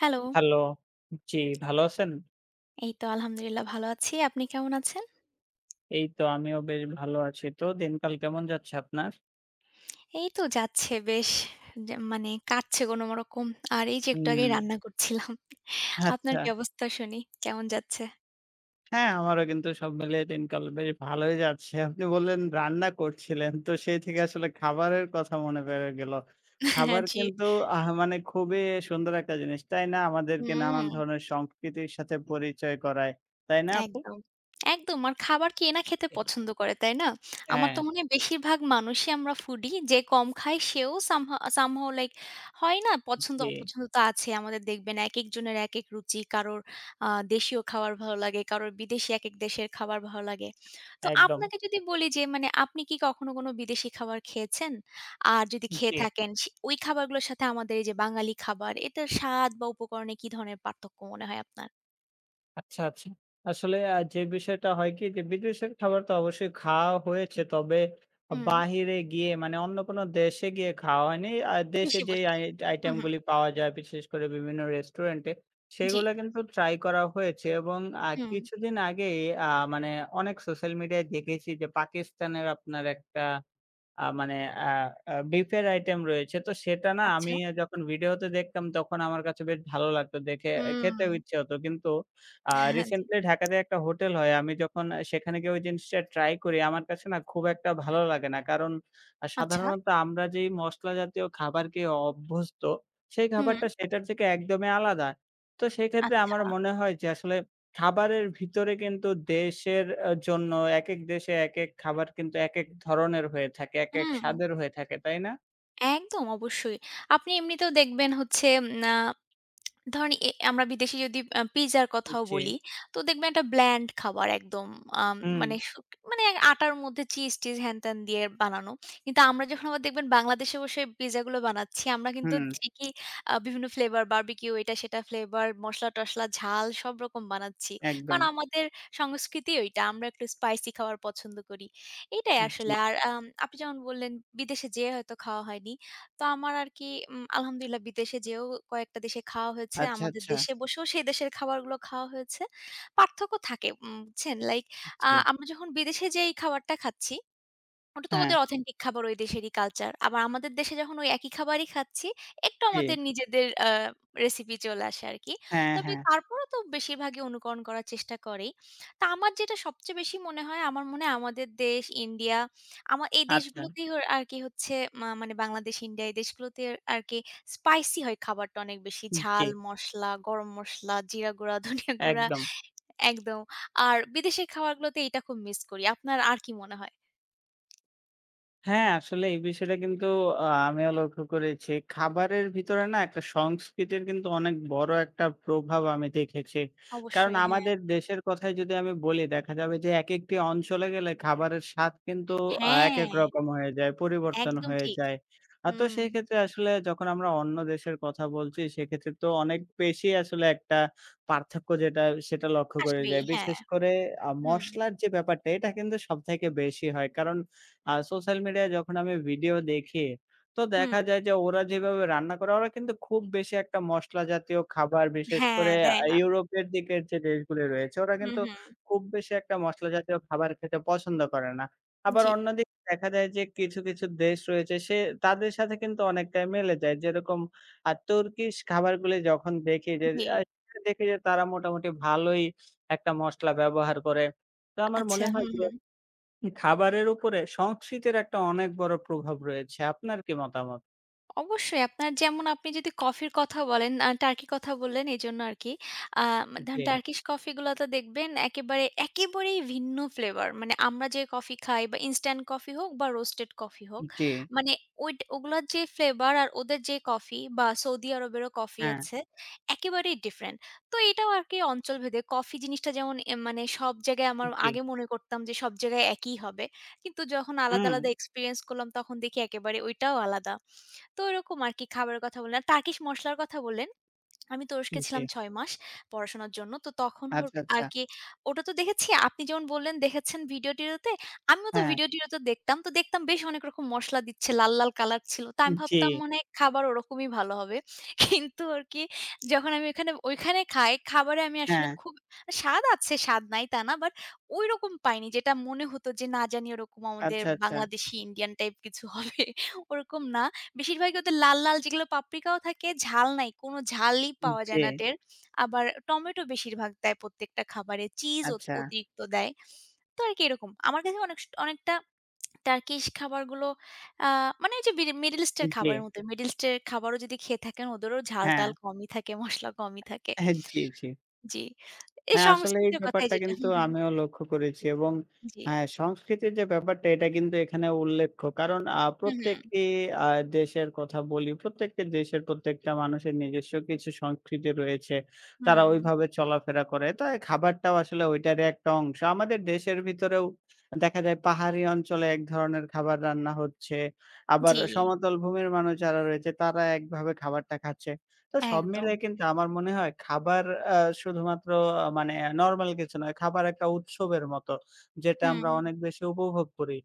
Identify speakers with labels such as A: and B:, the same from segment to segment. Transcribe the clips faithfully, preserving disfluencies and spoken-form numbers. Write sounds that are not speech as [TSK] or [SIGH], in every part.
A: Hello.
B: Hello, জি, ভালো আছেন?
A: এই তো আলহামদুলিল্লাহ ভালো আছি, আপনি কেমন আছেন?
B: এই তো, আমিও বেশ ভালো আছি। তো, দিনকাল কেমন যাচ্ছে আপনার?
A: এই তো যাচ্ছে বেশ। যে মানে, কাটছে কোনরকম। আর এই যে, একটু আগেই
B: হুম।
A: রান্না করছিলাম। আপনার
B: আচ্ছা।
A: কি অবস্থা শুনি? কেমন যাচ্ছে?
B: হ্যাঁ, আমারও কিন্তু সব মিলিয়ে দিনকাল বেশ ভালোই যাচ্ছে। আপনি বললেন, রান্না করছিলেন, তো সেই থেকে আসলে খাবারের কথা মনে পড়ে গেল।
A: হ্যাঁ,
B: খাবার
A: জি।
B: কিন্তু, আহা মানে খুবই সুন্দর একটা জিনিস, তাই না? আমাদেরকে নানান
A: হুম।
B: ধরনের সংস্কৃতির সাথে পরিচয় করায়। তাই না, আপু?
A: একদম, একদম। আর খাবার কে না খেতে
B: [UNINTELLIGIBLE]
A: পছন্দ করে, তাই না? আমার তো
B: হ্যাঁ।
A: মনে হয়, বেশিরভাগ মানুষই আমরা ফুডি। যে কম খায়, সেও সাম আ Somehow লাইক হয় না, পছন্দ
B: জি।
A: অপছন্দ তো আছেই। আমাদের দেখবেন, একেকজনের একেক রুচি। কারোর আ দেশীয় খাবার ভালো লাগে, কারো বিদেশী, একেক দেশের খাবার ভালো লাগে। তো
B: একদম।
A: আপনাকে যদি বলি যে, মানে আপনি কি কখনো কোন বিদেশী খাবার খেয়েছেন? আর যদি খেয়ে
B: জি।
A: থাকেন, সে ওই খাবারগুলোর সাথে আমাদের এই যে বাঙালি খাবার, এটার স্বাদ বা উপকরণে কি ধরনের পার্থক্য মনে হয় আপনার?
B: আচ্ছা, আচ্ছা। আসলে আ যে বিষয়টা হয় কি যে বিদেশের খাবার তো অবশ্যই খাওয়া হয়েছে তবে
A: হুম।
B: বাহিরে গিয়ে মানে অন্য কোন দেশে গিয়ে খাওয়া হয়নি। আর দেশে
A: দেশে
B: যে
A: বসে।
B: আই
A: হুম,
B: আইটেম
A: হুম।
B: গুলি পাওয়া যায় বিশেষ করে বিভিন্ন রেস্টুরেন্ট এ
A: জি।
B: সেগুলা কিন্তু ট্রাই করা হয়েছে এবং আ
A: হুম।
B: কিছুদিন আগেই আ মানে অনেক সোশ্যাল মিডিয়ায় দেখেছি যে পাকিস্তানের আপনার একটা আ মানে আ আ বিফ এর আইটেম রয়েছে। তো সেটা না আমি
A: আচ্ছা।
B: যখন ভিডিও তে দেখতাম তখন আমার কাছে বেশ ভালো লাগতো। দেখে খেতেও
A: হুম।
B: ইচ্ছা হত। কিন্তু আ
A: হ্যাঁ, জি।
B: রিসেন্টলি ঢাকাতে একটা হোটেল হয়। আমি যখন আ সেখানে গিয়ে ওই জিনিসটা ট্রাই করি আমার কাছে না খুব একটা ভালো লাগে না। কারণ আ
A: আচ্ছা।
B: সাধারণ আমরা যেই মশলা জাতীয় খাবার খেয়ে অভ্যস্ত সেই
A: হুম।
B: খাবারটা সেটার থেকে একদমই আলাদা। তো সেক্ষেত্রে
A: আচ্ছা।
B: আমার মনে হয় যে আসলে খাবারের ভিতরে কিন্তু দেশের আ জন্য একেক দেশে একেক খাবার কিন্তু একেক ধরনের হয়ে থাকে। একেক
A: হুম।
B: স্বাদের হয়ে থাকে, তাই না?
A: একদম অবশ্যই। আপনি এমনিতেও দেখবেন হচ্ছে উম আ ধরেন এ এ আমরা বিদেশী যদি পিজ্জার কথাও
B: জি।
A: বলি, তো দেখবেন একটা ব্ল্যান্ড খাবার একদম। আম
B: হুম।
A: মানে সু মানে আটার মধ্যে চিজ-টিজ হ্যান-ত্যান দিয়ে বানানো। কিন্তু আমরা যখন আবার দেখবেন বাংলাদেশে বসে পিজ্জা গুলো বানাচ্ছি। আমরা কিন্তু
B: হুম।
A: ঠিকই আ বিভিন্ন ফ্লেভার বারবিকিউ এটা সেটা ফ্লেভার মসলা-টসলা ঝাল সবরকম বানাচ্ছি। কারণ
B: একদম।
A: আমাদের সংস্কৃতিই ঐটা। আমরা একটু স্পাইসি খাবার পছন্দ করি, এইটাই আসলে।
B: জি।
A: আর আম আপনি যেমন বললেন বিদেশে যেয়ে হয়তো খাওয়া হয়নি। তো আমার আরকি উম আলহামদুলিল্লাহ বিদেশে যেয়েও কয়েকটা দেশে খাওয়া হয়েছে।
B: আচ্ছা,
A: আমাদের
B: আচ্ছা।
A: দেশে বসেও সেই দেশের খাবারগুলো খাওয়া হয়েছে। পার্থক্য থাকে উম বুঝছেন, লাইক আ
B: আচ্ছা।
A: আমরা যখন বিদেশে যেই খাবারটা খাচ্ছি ওটা তো
B: হ্যাঁ।
A: ওদের অথেন্টিক খাবার ওই দেশেরই কালচার। আবার আমাদের দেশে যখন ওই একই খাবারই খাচ্ছি, একটু আমাদের
B: জী।
A: আ নিজেদের রেসিপি চলে আসে আরকি।
B: হ্যাঁ,
A: তবে
B: হ্যাঁ।
A: তারপরেও তো বেশিরভাগই অনুকরণ করার চেষ্টা করেই। তো আমার যেটা সবচেয়ে বেশি মনে হয় আমার মনে হয় আমাদের দেশ ইন্ডিয়া আমা এই
B: আচ্ছা।
A: দেশগুলোতেই ওর আরকি হচ্ছে মা মানে বাংলাদেশ, ইন্ডিয়া এই দেশগুলোতে আরকি স্পাইসি হয় খাবারটা অনেক বেশি। ঝাল,
B: জি।
A: মসলা, গরম মসলা, জিরা গুঁড়া, ধনিয়া গুঁড়া।
B: একদম।
A: একদম। আর বিদেশের খাবারগুলোতে এইটা খুব মিস করি। আপনার আর কি মনে হয়?
B: হ্যাঁ, আসলে এই বিষয়টা কিন্তু আ আমিও লক্ষ্য করেছি। খাবারের ভিতরে না একটা সংস্কৃতির কিন্তু অনেক বড় একটা প্রভাব আমি দেখেছি। কারণ
A: অবশ্যই, হ্যাঁ।
B: আমাদের দেশের কথাই যদি আমি বলি দেখা যাবে যে, একেকটি অঞ্চলে গেলে খাবারের স্বাদ কিন্তু আ একেক
A: হ্যাঁ।
B: রকম হয়ে যায়। পরিবর্তন
A: একদম
B: হয়ে
A: ঠিক,
B: যায়। আ তো
A: হুম।
B: সেইক্ষেত্রে আসলে যখন আমরা অন্য দেশের কথা বলছি, সেক্ষেত্রে তো অনেক বেশি আসলে একটা পার্থক্য যেটা সেটা লক্ষ্য করে
A: আসবেই,
B: যায়।
A: হ্যাঁ।
B: বিশেষ করে আ
A: হুম।
B: মসলার যে ব্যাপারটা এটা কিন্তু সবথেকে বেশি হয়। কারণ আ সোশ্যাল মিডিয়ায় যখন আমি ভিডিও দেখি তো
A: হুম।
B: দেখা যায়, যে ওরা যেভাবে রান্না করে, ওরা কিন্তু খুব বেশি একটা মসলা জাতীয় খাবার বিশেষ
A: হ্যাঁ,
B: করে
A: দেয়
B: আ
A: না।
B: ইউরোপের দিকের যে দেশগুলি রয়েছে, ওরা
A: হুম,
B: কিন্তু
A: হুম।
B: খুব বেশি একটা মশলা জাতীয় খাবার খেতে পছন্দ করে না। আবার
A: জি।
B: অন্যদি দেখা যায় যে কিছু, কিছু দেশ রয়েছে সে তাদের সাথে কিন্তু অনেকটাই মিলে যায়। যেরকম আ তুর্কিশ খাবারগুলি যখন দেখি যে আ
A: জি।
B: দেখি যে, তারা মোটামুটি ভালোই একটা মশলা ব্যবহার করে। তো আমার
A: আচ্ছা
B: মনে হয়
A: হুম,
B: যে
A: হুম।
B: খাবারের উপরে সংস্কৃতির একটা অনেক বড়ো প্রভাব রয়েছে, আপনার কি মতামত?
A: অবশ্যই আপনার যেমন আপনি যদি কফির কথা বলেন, আ টার্কি কথা বললেন এজন্য আরকি। আ
B: উ
A: ধরেন
B: জি।
A: টার্কিশ কফি গুলো তো দেখবেন একেবারে, একেবারেই ভিন্ন ফ্লেভার। মানে আমরা যে কফি খাই বা ইনস্ট্যান্ট কফি হোক বা রোস্টেড কফি হোক,
B: উ জি।
A: মানে ওইট ওগুলার যে ফ্লেভার আর ওদের যে কফি সৌদি আরবেরও কফি
B: হ্যাঁ।
A: আছে, একেবারেই ডিফারেন্ট, তো এটাও আরকি অঞ্চলভেদে। কফি জিনিসটা যেমন এম মানে সব জায়গায়
B: উ
A: আমার
B: জি।
A: আগে মনে করতাম যে, সব জায়গায় একই হবে। কিন্তু যখন আলাদা,
B: অ্যা
A: আলাদা এক্সপেরিয়েন্স করলাম তখন দেখি একেবারে ঐটাও আলাদা। তো ওরকম আরকি খাবারের কথা বললেন, আর টার্কিশ মসলার কথা বললেন। [SWALLOWS] আমি তুরস্কে ছিলাম
B: জি।
A: ছয় মাস পড়াশোনার জন্য, তো তখন
B: আচ্ছা,
A: হোরক
B: আচ্ছা।
A: আরকি ওটা তো দেখেছি, আপনি যেমন বললেন দেখেছেন ভিডিও-টিডিওতে, আমিও তো
B: হ্যাঁ।
A: ভিডিও-টিডিওতে দেখতাম। তো দেখতাম বেশ অনেক রকম মসলা দিচ্ছে, লাল, লাল কলার ছিলো, তো
B: হু,
A: আমি
B: জি।
A: ভাবতাম মনে হয়, খাবার ওরকমই ভালো হবে। কিন্তু আরকি যখন আমি ঐখানে, ঐখানে খাই, খাবারে আমি আসলে
B: হ্যাঁ।
A: খুব আ স্বাদ আছে, স্বাদ নাই তা না, বাট ওইরকম পাইনি, যেটা মনে হতো যে, না জানি ওরকম আমাদের
B: আচ্ছা, আচ্ছা।
A: বাংলাদেশি, ইন্ডিয়ান টাইপ কিছু হবে, ওরকম না। বেশিরভাগই ওদের লাল, লাল যেগুলো পাপড়িকাও থাকে, ঝাল নাই, কোনো ঝালই
B: উ
A: পাওয়া যায় না
B: জি।
A: টের, [SMACKS LIPS] আবার টমেটো বেশিরভাগ দেয় প্রত্যেকটা খাবারে, চিজও অ
B: আচ্ছা।
A: অতিরিক্ত দেয়, তো আরকি এরকম। আমার কাছে অনেক স অনেকটা টার্কিশ খাবারগুলো আ মানে ওইযে বিডি মিডল
B: উ
A: ইস্টের খাবারের
B: জি।
A: মতো, মিডল ইস্টের খাবারও যদি খেয়ে থাকেন, ওদেরও ঝাল-টাল
B: হ্যাঁ।
A: কমই থাকে, মসলা কমই থাকে।
B: হ্যাঁ, জি, জি।
A: জি, এই
B: হ্যাঁ, আসলে এই
A: সংস্কৃতি কথায়
B: ব্যাপারটা
A: যেটা
B: কিন্তু
A: হুম, হুম।
B: আমিও লক্ষ্য করেছি। এবং
A: জি।
B: অ্যা সংস্কৃতির যে ব্যাপারটা এটা কিন্তু এখানে উল্লেখ্য, কারণ আ
A: হুম, হুম।
B: প্রত্যেকটি আ দেশের কথা বলি, প্রত্যেকটি দেশের প্রত্যেকটা মানুষের নিজস্ব কিছু সংস্কৃতি রয়েছে, তারা
A: হুম।
B: ওইভাবে চলাফেরা করে, তো এ খাবারটাও আসলে ঐটারই একটা অংশ। আমাদের দেশের ভিতরেও দেখা যায় পাহাড়ি অঞ্চলে এক ধরনের খাবার রান্না হচ্ছে, আবার
A: জি।
B: সমতল ভূমির মানুষ যারা রয়েছে, তারা একভাবে খাবারটা খাচ্ছে। তো সব
A: একদম।
B: মিলিয়ে কিন্তু আমার মনে হয় খাবার অ্যা শুধুমাত্র মানে নরমাল কিছু নয়, খাবার একটা উৎসবের মতো, যেটা
A: হুম,
B: আমরা
A: উ
B: অনেক বেশি উপভোগ করি।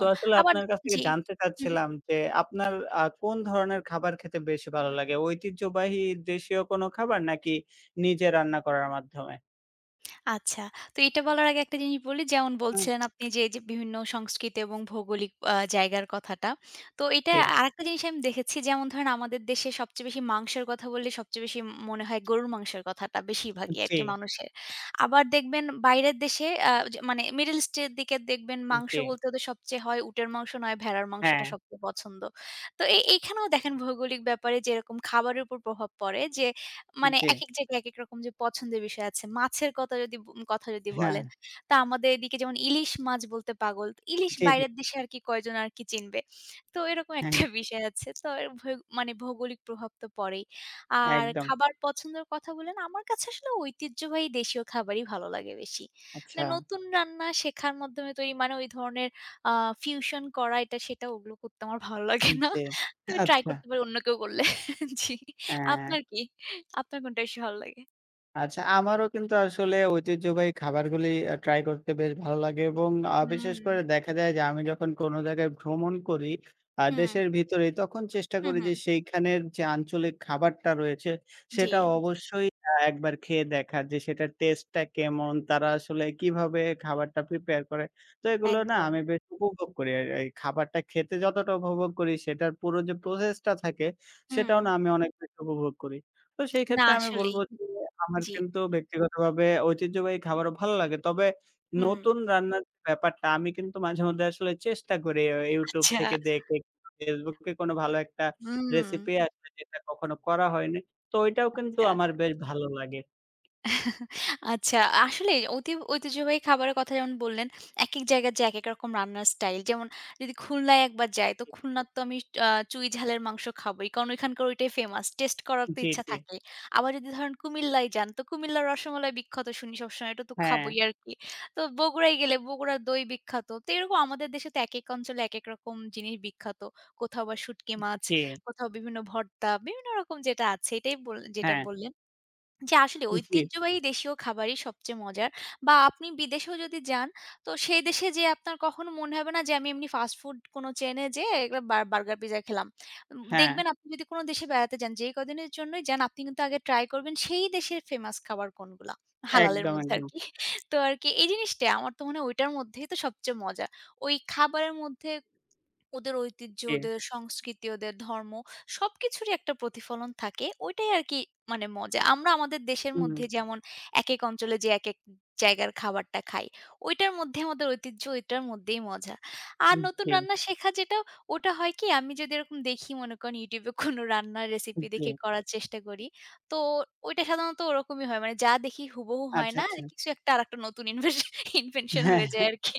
B: তো আসলে
A: আবার
B: আপনার কাছ
A: জি,
B: থেকে জানতে
A: উহু, হুম।
B: চাচ্ছিলাম যে, আপনার আ কোন ধরনের খাবার খেতে বেশি ভালো লাগে? ঐতিহ্যবাহী দেশীয় কোনো খাবার, নাকি নিজে রান্না করার মাধ্যমে?
A: আচ্ছা। তো এটা বলার আগে একটা জিনিস বলি। যেমন
B: হুম।
A: বলছিলেন আপনি যে, এইযে বিভিন্ন সংস্কৃতি এবং ভৌগোলিক আ জায়গার কথাটা। তো এটা
B: জি।
A: আরেকটা জিনিস আমি দেখেছি যেমন ধরেন আমাদের দেশে সবচেয়ে বেশি মাংসের কথা বললে সবচেয়ে বেশি মনে হয় গরুর মাংসের কথাটা বেশিরভাগই
B: উপ
A: আরকি
B: জি।
A: মানুষের। আবার দেখবেন বাইরের দেশে আ যে মানে মিডল ইস্ট এর দিকে দেখবেন
B: উম
A: মাংস
B: জী।
A: বলতে ওদের সবচেয়ে হয় উটের মাংস, নয় ভেড়ার মাংসটা
B: হ্যাঁ।
A: সবচেয়ে পছন্দ। তো এ এইখানেও দেখেন ভৌগোলিক ব্যাপারে যেরকম খাবারের উপর প্রভাব পড়ে যে, মানে
B: জি।
A: একেক জায়গায় একেক রকম যে পছন্দের বিষয় আছে। মাছের কথা কথা যদি ব কথা যদি বলেন,
B: হ্যাঁ।
A: তা আমাদের এদিকে যেমন ইলিশ মাছ বলতে পাগল। ইলিশ
B: জি, জি।
A: বাইরের দেশে আরকি কয়জন আরকি চিনবে। তো এরকম
B: হ্যাঁ,
A: একটা
B: হ্যাঁ।
A: বিষয় আছে। তো এর ভৌ মানে ভৌগোলিক প্রভাবতো পড়েই। আর
B: একদম।
A: খাবার পছন্দের কথা বলেন, আমার কাছে আসলে ঐতিহ্যবাহী দেশীয় খাবারই ভালো লাগে বেশি। মানে
B: আচ্ছা।
A: নতুন রান্না শেখার মাধ্যমে তো ওই মানে ওই ধরনের আ ফিউশন করা এটা সেটা ওগুলো করতে আমার ভালো লাগে
B: উপ
A: না।
B: জি,
A: তো আমি ট্রাই
B: আচ্ছা।
A: করতে পারি অন্য কেউ বললে। জি,
B: অ্যা
A: আপনার কি? আপনার কোনটা বেশি ভালো লাগে?
B: আচ্ছা, আমারও কিন্তু আসলে ঐতিহ্যবাহী খাবারগুলি আ ট্রাই করতে বেশ ভালো লাগে এবং আ বিশেষ
A: হুম।
B: করে দেখা যায় যে, আমি যখন কোন জায়গায় ভ্রমণ করি, আ
A: হুম।
B: দেশের ভিতরে তখন চেষ্টা
A: হুম,
B: করি যে
A: হুম।
B: সেইখানের যে আঞ্চলিক খাবারটা রয়েছে সেটা
A: জি।
B: অবশ্যই আ একবার খেয়ে দেখার যে সেটার টেস্ট টা কেমন? তারা আসলে কিভাবে খাবারটা প্রিপেয়ার করে? তো এগুলো না
A: একদম।
B: আমি বেশ উপভোগ করি। আর এই খাবারটা খেতে যতটা উপভোগ করি সেটার পুরো যে প্রসেসটা থাকে সেটাও
A: হুম।
B: না আমি অনেক বেশ উপভোগ করি। তো সেই
A: না
B: ক্ষেত্রে আমি
A: আসলেই,
B: বলবো যে আমার
A: জি।
B: কিন্তু ব্যক্তিগতভাবে ঐতিহ্যবাহী খাবারও ভালো লাগে তবে,
A: হুম।
B: নতুন রান্নার ব্যাপারটা আমি কিন্তু মাঝে মধ্যে আসলে চেষ্টা করি আ ইউটিউব থেকে
A: আচ্ছা।
B: দেখে। ফেসবুককে কোন ভালো একটা
A: হুম।
B: রেসিপি আসবে যেটা কখনো করা হয়নি। তো ওইটাও কিন্তু
A: আচ্ছা।
B: আমার বেশ ভালো লাগে।
A: [LAUGHS] আচ্ছা! আসলেই অতি ঐতিহ্যবাহী খাবারের কথা যেমন বললেন, একেক জায়গায় যে একেক রকম রান্নার স্টাইল যেমন যদি খুলনায় একবার যাই তো
B: জি।
A: খুলনার তো আমি আ চুই ঝালের মাংস খাবোই। কারণ ঐখানকার ঐটাই ফেমাস। টেস্ট করার তো
B: জি,
A: ইচ্ছা
B: জি।
A: থাকে। আবার যদি ধরেন কুমিল্লায় যান, তো কুমিল্লার রসমালাই বিখ্যাত শুনি সবসময় এটাতো খাবোই
B: হ্যাঁ।
A: আরকি। তো বগুড়ায় গেলে, বগুড়ার দই বিখ্যাত। তো এরকম আমাদের দেশে তো একেক অঞ্চলে একেক রকম জিনিস বিখ্যাত। কোথাও বা শুটকি
B: উপ
A: মাছ,
B: জি
A: কোথাও বিভিন্ন ভর্তা, বিভিন্ন রকম যেটা আছে, এটাই বললেন, যেটা
B: হ্যাঁ।
A: বললেন। যে আসলে
B: উহ জি।
A: ঐতিহ্যবাহী দেশীয় খাবারই সবচেয়ে মজার বা আপনি বিদেশেও যদি যান, তো সেই দেশে যেয়ে আপনার কখনো মনে হবে না যে আমি এমনি ফাস্ট ফুড কোন চেইনে যেয়ে এর বা বার্গার পিজ্জা খেলাম। উম
B: হ্যাঁ।
A: দেখবেন আপনি যদি কোন দেশে বেড়াতে যান, যেই কদিনের জন্যই যান আপনি কিন্তু আগে ট্রাই করবেন সেই দেশের ফেমাস খাবার কোনগুলা। হালালের
B: একদম,
A: মধ্যে
B: একদম।
A: আরকি। তো আরকি এই জিনিসটা আমার তো মনে হয় ঐটার মধ্যেই তো সবচেয়ে মজা। ওই খাবারের মধ্যে, ওদের ঐতিহ্য,
B: জি।
A: ওদের সংস্কৃতি, ওদের ধর্ম সবকিছুরই একটা প্রতিফলন থাকে। ওইটাই আরকি মানে মজা। আমরা আমাদের দেশের মধ্যে
B: হুম।
A: যেমন, একেক অঞ্চলে যে একেক জায়গার খাবারটা খাই। ওইটার মধ্যে আমাদের ঐতিহ্য, ঐটার মধ্যেই মজা। আর
B: উম
A: নতুন
B: জি।
A: রান্না শেখা যেটা, ওটা হয় কি আমি যদি এরকম দেখি মনে করেন ইউটিউবে কোন রান্নার
B: উম
A: রেসিপি দেখে
B: জি।
A: করার চেষ্টা করি। তো ওইটা সাধারণত ওরকমই হয়। মানে যা দেখি হুবহু হয়
B: আচ্ছা,
A: না
B: আচ্ছা।
A: কিছু একটা আরেকটা নতুন ইনভেশ ইনভেনশন
B: হ্যাঁ,
A: হয়ে যায় আরকি।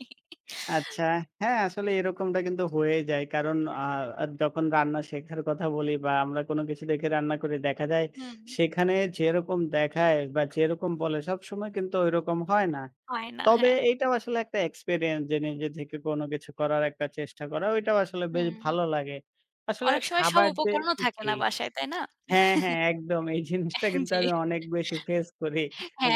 B: আচ্ছা।
A: [LAUGHS]
B: হ্যাঁ, আসলে
A: জি।
B: এরকমটা কিন্তু হয়ে যায়। কারণ আ আ যখন রান্না শেখার কথা বলি বা আমরা কোন কিছু দেখে রান্না করে দেখা যায়,
A: হুম।
B: সেখানে যেরকম দেখায় বা যেরকম বলে সবসময় কিন্তু ঐরকম হয় না।
A: হয় না,
B: তবে
A: হ্যাঁ।
B: এইটাও আসলে একটা এক্সপেরিয়েন্স যে নিজে থেকে কোন কিছু করার একটা চেষ্টা করাটাও আসলে বেশ
A: হুম।
B: ভালো লাগে। আসলে
A: অনেক সময় সব
B: খাবার যে
A: উপকরণও থাকে না
B: ঠিক।
A: বাসায়, তাই না?
B: হ্যাঁ, হ্যাঁ একদম। এই জিনিসটা
A: [CHUCKLES]
B: কিন্তু
A: জি,
B: আমি অনেক বেশি ফেস করি।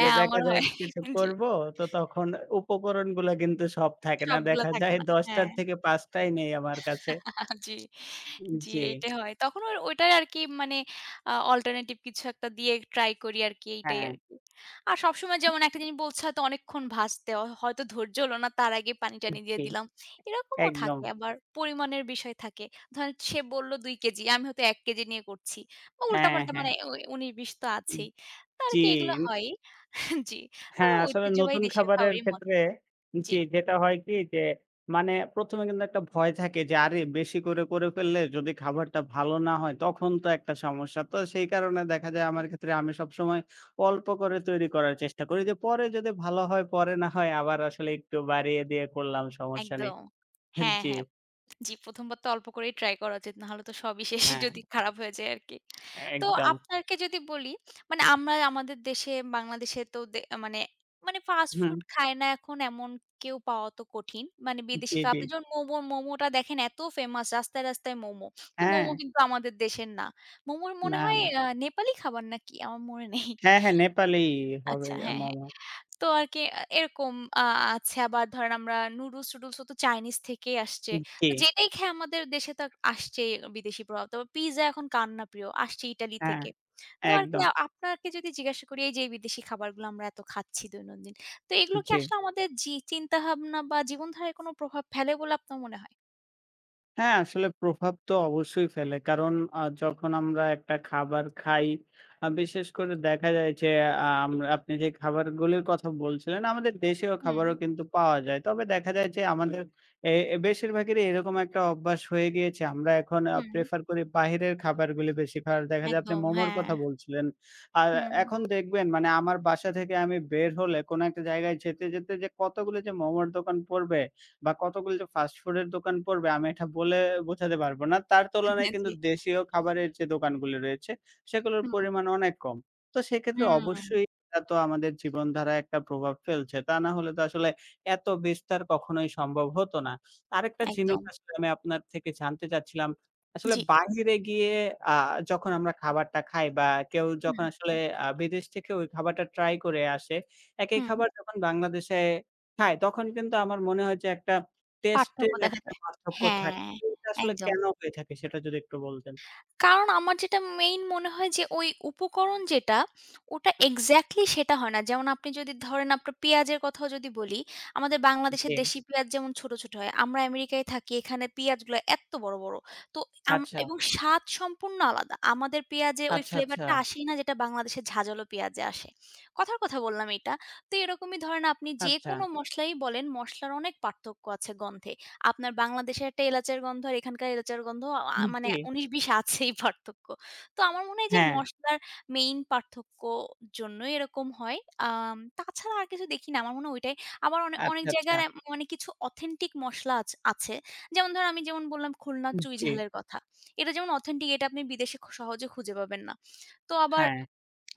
B: যে দেখা
A: আমারও
B: যায়
A: হয়,
B: কিছু
A: জি।
B: করব, তো তখন উপকরণগুলো কিন্তু সব থাকে না।
A: সবগুলো
B: দেখা
A: থাকে
B: যায়
A: না,
B: দশ টার
A: হ্যাঁ।
B: থেকে পাঁচটাই নেই আমার কাছে।
A: [LAUGHS] জি,
B: উম
A: জি,
B: জি।
A: এইটাই হয়। তখন ওর, ওইটাই আরকি মানে আ অল্টারনেটিভ কিছু একটা দিয়েই ট্রাই করি আরকি, এইটাই
B: হ্যাঁ।
A: আরকি। আর সবসময় যেমন একটা জিনিস বলছে হয়তো অনেকক্ষণ ভাজতে হয়তো ধৈর্য হল না তার আগেই পানি
B: উহ
A: টানি দিয়ে
B: জী,
A: দিলাম। এরকমও
B: একদম।
A: থাকে আবার, পরিমাণের বিষয় থাকে। ধরেন সে বলল দুই কেজি আমি হয়তো এক কেজি নিয়ে করছি বা উল্টা
B: হ্যাঁ,
A: পাল্টা
B: হ্যাঁ।
A: মানে ওই উনিশ বিশ তো
B: উহ
A: আছেই। তা আরকি এগুলা
B: চীন।
A: হয়ই, জি। তবে
B: হ্যাঁ, আসলে
A: ঐতিহ্যবাহী
B: নতুন
A: দেশের
B: খাবারের
A: খাবারই মজা,
B: ক্ষেত্রে,
A: জি।
B: জি, যেটা হয় কি যে, মানে প্রথম এ কিন্তু একটা ভয় থাকে যে আরে! বেশি করে, করে ফেললে যদি খাবারটা ভালো না হয় তখন তো একটা সমস্যা। তো সেই কারণে দেখা যায় আমার ক্ষেত্রে আমি সবসময়, অল্প করে তৈরি করার চেষ্টা করি যে পরে যদি ভালো হয়, পরে না হয় আবার আসলে একটু বাড়িয়ে দিয়ে করলাম সমস্যা নেই।
A: একদম,
B: হ্যাঁ,
A: হ্যাঁ,
B: জি।
A: হ্যাঁ। জি, প্রথম বার তো অল্প করেই ট্রাই করা উচিত, নাহলে তো সবই শেষ,
B: হ্যাঁ।
A: যদি খারাপ হয়ে যায় আরকি। তো
B: একদম।
A: আপনারকে যদি বলি, মানে আমরা আমাদের দেশে, বাংলাদেশেতো দে মানে, মানে ফাস্ট ফুড
B: হুম।
A: খায় না এখন এমন কেউ পাওয়াও তো কঠিন। মানে
B: উম
A: বিদেশী
B: জি,
A: খাবার,
B: জি।
A: আপনি যেমন মোমো, মোমোটা দেখেন এত ফেমাস রাস্তায়, রাস্তায় মোমো। তো মোমো
B: হ্যাঁ।
A: কিন্তু আমাদের দেশের না। মোমোর মনে
B: না,
A: হয়
B: না।
A: আ নেপালি খাবার নাকি? আমার মনে নেই।
B: হ্যাঁ, হ্যাঁ, নেপালি হবে,
A: আচ্ছা,
B: আ
A: হ্যাঁ, হ্যাঁ।
B: মোমো।
A: তো আরকি আ এরকম আ আছে আবার ধরেন আমরা নুডলস টুডুলসওতো চাইনিজ থেকেই আসছে।
B: উহ
A: তো
B: জি।
A: যেটাই খেয়ে আমাদের দেশেতো আসছেই বিদেশী প্রভাব। তো পিজ্জা এখন কার না প্রিয়? আসছে ইতালি
B: হ্যাঁ,
A: থেকে। তো আরকি
B: একদম।
A: আপনাকে যদি জিজ্ঞাসা করি এইযে বিদেশী খাবারগুলো আমরা এত খাচ্ছি দৈনন্দিন। তো এগুলো কি
B: জি।
A: আসলে আমাদের জি, চিন্তাভাবনা বা জীবনধারায় কোন প্রভাব ফেলে বলে আপনার মনে হয়?
B: হ্যাঁ, আসলে প্রভাব তো অবশ্যই ফেলে। কারণ, আ যখন আমরা একটা খাবার খাই, আ বিশেষ করে দেখা যায় যে, আ আম আপনি যে খাবারগুলির কথা বলছিলেন, আমাদের দেশীয় খাবারও
A: হুম।
B: কিন্তু পাওয়া যায়। তবে দেখা যায় যে, আমাদের এ এ বেশিরভাগেরই এরকম একটা অভ্যাস হয়ে গিয়েছে। আমরা এখন আ
A: হুম।
B: প্রেফার করি বাইরের খাবারগুলি বেশির ভাগ। দেখা যায়, আপনি
A: একদম,
B: মোমোর
A: হ্যাঁ।
B: কথা বলছিলেন। আর
A: হুম।
B: এখন দেখবেন, মানে আমার বাসা থেকে আমি বের হলে কোনো একটা জায়গায় যেতে, যেতে যে কতগুলি যে মোমোর দোকান পড়বে, বা কতগুলি যে ফাস্ট ফুড এর দোকান পড়বে আমি এটা, বলে বোঝাতে পারবো না। তার তুলনায়
A: হ্যাঁ,
B: কিন্তু
A: জি।
B: দেশীয় খাবারের যে দোকানগুলি রয়েছে, সেগুলোর
A: হুম।
B: পরিমাণ অনেক কম। তো সেক্ষেত্রে
A: হুম।
B: অবশ্যই এটা তো আমাদের জীবনধারায় একটা প্রভাব ফেলছে। তা না হলে তো আসলে, এতো বিস্তার কখনোই সম্ভব হতো না। আরেকটা জিনিস
A: একদম।
B: আসলে আমি আপনার থেকে জানতে চাচ্ছিলাম। আসলে
A: জি।
B: বাইরে গিয়ে আ যখন আমরা খাবারটা খাই, বা কেউ
A: হুম।
B: যখন আসলে আ বিদেশ থেকে ওই খাবারটা ট্রাই করে আসে, একই
A: হুম।
B: খাবার যখন বাংলাদেশে খায়, তখন কিন্তু আমার মনে হয় যে একটা টেস্টে
A: পার্থক্য
B: এর
A: দেখা দে
B: একটা পার্থক্য থাকে।
A: হ্যাঁ।
B: এটা আসলে
A: একদম।
B: কেনো হয়ে থাকে, সেটা যদি একটু বলতেন।
A: কারণ, আমার যেটা মেইন মনে হয় যে, ওই উপকরণ যেটা, ওটা এক্সাক্টলি সেটা হয় না। যেমন আপনি যদি ধরেন, আপনার পিঁয়াজের কথাও যদি বলি, আমাদের
B: উ
A: বাংলাদেশের
B: জি।
A: দেশি পিঁয়াজ যেমন ছোট, ছোট হয়। আমরা আমেরিকায় থাকি, এখানে পিঁয়াজগুলো এত্ত বড়, বড়। তো আম
B: আচ্ছা।
A: এবং স্বাদ সম্পূর্ণ আলাদা। আমাদের পিঁয়াজে ওই
B: আচ্ছা,
A: ফ্লেভারটা
B: আচ্ছাছা।
A: আসেই না, যেটা বাংলাদেশের ঝাঁঝালো পিঁয়াজে আসে। কথার কথা বললাম এটা তো এরকমই ধরেন আপনি
B: আচ্ছা।
A: যেকোনো মসলাই বলেন, মসলার অনেক পার্থক্য আছে গন্ধে। আপনার বাংলাদেশে একটা এলাচের গন্ধ আর এখানকার এলাচের গন্ধ আ
B: উম
A: মানে
B: জি।
A: উনিশ-বিশ আছেই পার্থক্য। তো, আমার মনে হয় যে,
B: হ্যাঁ।
A: মসলার মেইন পার্থক্য জন্যই এরকম হয়। আম তাছাড়া আর কিছু দেখি না। আমার মনে হয় ওইটাই। আবার অনে অনেক
B: আচ্ছা,
A: জায়গায়
B: আচ্ছাছা।
A: অ্যাম অনেক কিছু অথেন্টিক মসলা আছ আছে। যেমন ধরেন আমি যেমন বললাম, খুলনার
B: উ
A: চুঁই
B: জি।
A: ঝালের কথা। এটা যেমন অথেন্টিক এটা আপনি বিদেশে খ সহজে খুঁজে পাবেন না। তো আবার,
B: হ্যাঁ।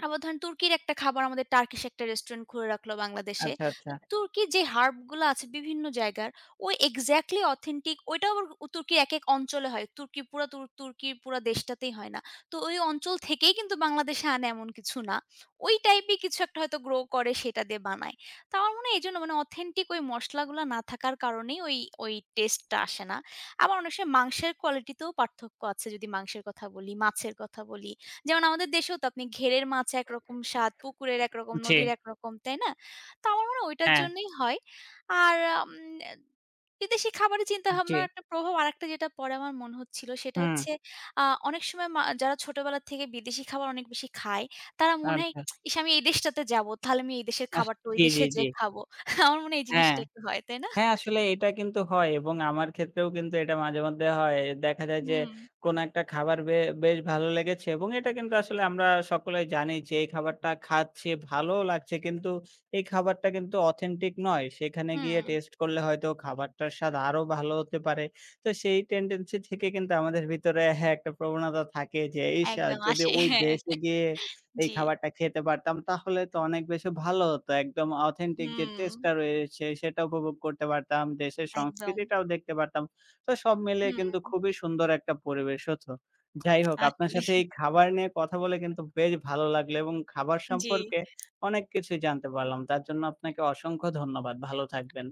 A: আবার ধরেন তুর্কির একটা খাবার আমাদের টার্কিশ একটা রেস্টুরেন্ট খুলে রাখলো বাংলাদেশে।
B: আচ্ছা, আচ্ছাছা।
A: তুর্কির যে হার্বগুলা আছে, বিভিন্ন জায়গায় ওই এক্সাক্টলি অথেন্টিক ওইটা আবার তুর্কির এক-এক অঞ্চলে হয়। তুর্কি পুরা তু তুর্কির পুরা দেশটাতেই হয় না। তো ওই অঞ্চল থেকেই কিন্তু বাংলাদেশে আনে, এমন কিছু না। ওই টাইপই কিছু হয়তো গ্রো করে সেটা দিয়ে বানায়। তো আমার মনে হয়, এজন্য অথেন্টিক ওই মসলাগুলা না থাকার কারণেই ওই ওই টেস্টটা আসে না। আবার অনেক সময়ই মাংসের কোয়ালিটিতেও পার্থক্য আছে, যদি মাংসের কথা বলি, মাছের কথা বলি। যেমন, আমাদের দেশেও তো আপনি ঘেড়ের মাছ একরকম স্বাদ, পুকুরের একরকম,
B: উ জি।
A: নদীর একরকম, তাই না? তো আমার মনে হয়, ওইটার
B: হ্যাঁ।
A: জন্যই হয়। আর আম বিদেশী খাবারের
B: উ
A: চিন্তাভাবনার
B: জি।
A: একটা প্রভাব আরেকটা যেটা পরে আমার মনে হচ্ছিলো সেটা
B: হুম।
A: হচ্ছে আ অনেক সময় মা যারা ছোটবেলা থেকে বিদেশী খাবার অনেক বেশি খায়, তারা মনে হয়
B: আথা।
A: [TSK] ইস! আমি এই দেশটাতে যাবো, তাহলে আমি এই দেশের
B: আস
A: খাবারটা ওই
B: জি, জি,
A: দেশে
B: জি।
A: যেয়ে খাবো। আমার মনে হয় এই
B: হ্যাঁ।
A: জিনিসটা একটু হয়। তাই না?
B: হ্যাঁ, আসলে এটা কিন্তু হয় এবং আমার ক্ষেত্রেও কিন্তু এটা মাঝে-মধ্যে হয়। দেখা যায় যে,
A: হুম।
B: কোনো একটা খাবার বে বেশ ভালো লেগেছে। এবং এটা কিন্তু আসলে আমরা সকলেই জানি, যে এই খাবারটা খাচ্ছি, ভালোও লাগছে কিন্তু এই খাবারটা কিন্তু অথেন্টিক নয়। সেখানে গিয়ে
A: হুম।
B: টেস্ট করলে হয়তো, খাবারটার স্বাদ আরো ভালো হতে পারে। তো, সেই টেনডেন্সি থেকে কিন্তু আমাদের ভিতরে হ্যাঁ একটা প্রবণতা থাকে যে, ইস! আ
A: একদম
B: যদি
A: আসে।
B: ওই
A: হ্যাঁ
B: দেশে গিয়ে
A: [CHUCKLES]
B: এই
A: জি।
B: খাবারটা খেতে পারতাম, তাহলে তো অনেক বেশি ভালো হতো। একদম অথেন্টিক যে
A: হুম।
B: টেস্টটা রয়েছে সেটা উপভোগ করতে পারতাম। দেশের
A: একদম।
B: সংস্কৃতিটাও দেখতে পারতাম। তো সব মিলিয়ে কিন্তু
A: হুম।
B: খুবই সুন্দর একটা পরিবেশ হতো। যাই হোক, আপনার সাথে
A: আসলেই।
B: এই খাবার নিয়ে কথা বলে কিন্তু বেশ ভালো লাগলো এবং খাবার
A: উ জি।
B: সম্পর্কে অনেক কিছুই জানতে পারলাম। তার জন্য, আপনাকে অসংখ্য ধন্যবাদ। ভালো থাকবেন।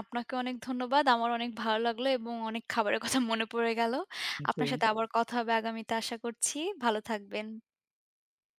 A: আপনাকে অনেক ধন্যবাদ। আমার অনেক ভালো লাগলো এবং অনেক খাবারের কথা মনে পড়ে গেলো।
B: উ
A: আপনার
B: জি।
A: সাথে আবার কথা হবে আগামীতে আশা করছি ভালো থাকবেন।